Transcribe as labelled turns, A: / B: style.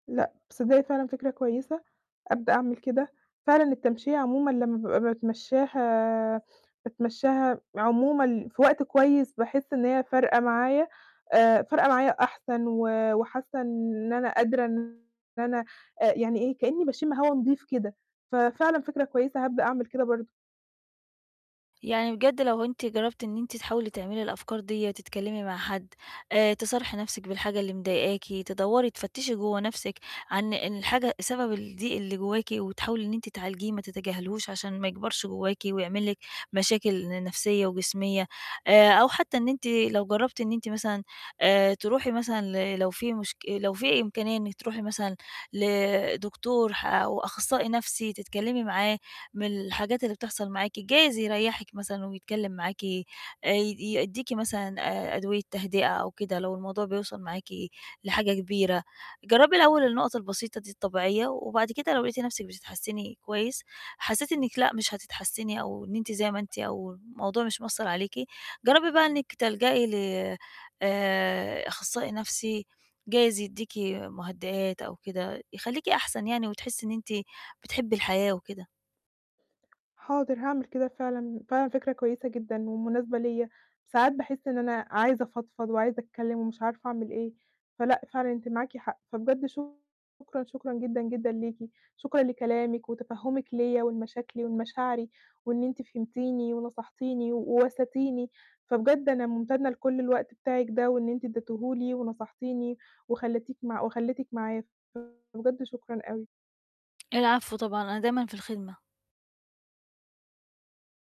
A: لأ، تصدقي فعلًا، فكرة كويسة ابدأ أعمل كده، فعلًا التمشية عمومًا لمّا بابقى باتمشّاها باتمشّاها عمومًا في وقت كويس باحس إن هي فارقة معايا، آآ فارقة معايا أحسن و وحاسة إن إن أنا قادرة إن أنا آآ يعني إيه، كإني باشم هوا نضيف كده، ففعلًا فِكرة كويسة هابدأ أعمِل كده برضه.
B: يعني بجد لو أنتِ جرّبتِ إن أنتِ تحاولي تعملي الأفكار ديّة تتكلمي مع حد، آآ، تصارحي نفْسِك بالحاجة اللي مضايقاكِ تدوّري تفتشي جوّه نفْسِك عن إن الحاجة سبب الضيق اللي جواكِ وتحاولي إن أنتِ تعالجيه ما تتجاهليهوش عشان ما يكبرش جواكِ ويعمل لِك مشاكل ن نفْسيّة وجسميّة، آآ، أو حتى إن أنتِ لو جرّبتِ إن أنتِ مثلًا آآ تروحي مثلًا ل لو في مشك لو في إمكانية إنِك تروحي مثلًا لدكتور ح أو أخصّائي نَفْسي تتكلمي معاه من الحاجات اللي بتحصل معاكِ جايز يريّحك مثلًا ويتكلم معاكِ، آآ، ي يدّيكِ مثلًا آآ أدوية تهدئة أو كده لو الموضوع بيوصل معاكِ لحاجة كبيرة، جرّبي الأول النقط البسيطة دي الطبيعية و وبعد كده لو لقيتِ نَفْسك بتتحسّني كويس، حسّيتِ إنِك لأ، مش هتتحسّني أو إن أنتِ زي ما أنتِ أو الموضوع مش مأثّر عليكِ جربي بقى إنك تلجأي ل آآ أخصائي نَفْسي جايز يدّيكِ مُهدئات أو كده. يخليكِ أحسن يعني وتحسّي إن أنتِ بتحبي الحياة وكده.
A: حاضر هاعمِل كده. فعلًا فعلًا فكرة كويسة جدًا ومناسبة ليَّ، ساعات باحس إن أنا عايزة أفضفض وعايزة أتكلم ومش عارفة أعمل إيه، فلأ فعلًا أنتِ معاكِ حق فبجد شكرًا شكرًا جدًا، جدًا ليكِ شكرًا لكلامِك وتفهمِك ليَّ ولمشاكلي ولمشاعري وإن أنتِ فهمتيني ونصحتيني و واسيتيني، فبجد أنا مُمتنّة لكل الوقت بتاعِك ده وإن أنتِ ادّيتهُ لي ونصحتيني وخلّيتِك مع وخلّيتك معايا فبجد شكرًا أوي.
B: العفو طبعًا، أنا دايمًا في الخدمة.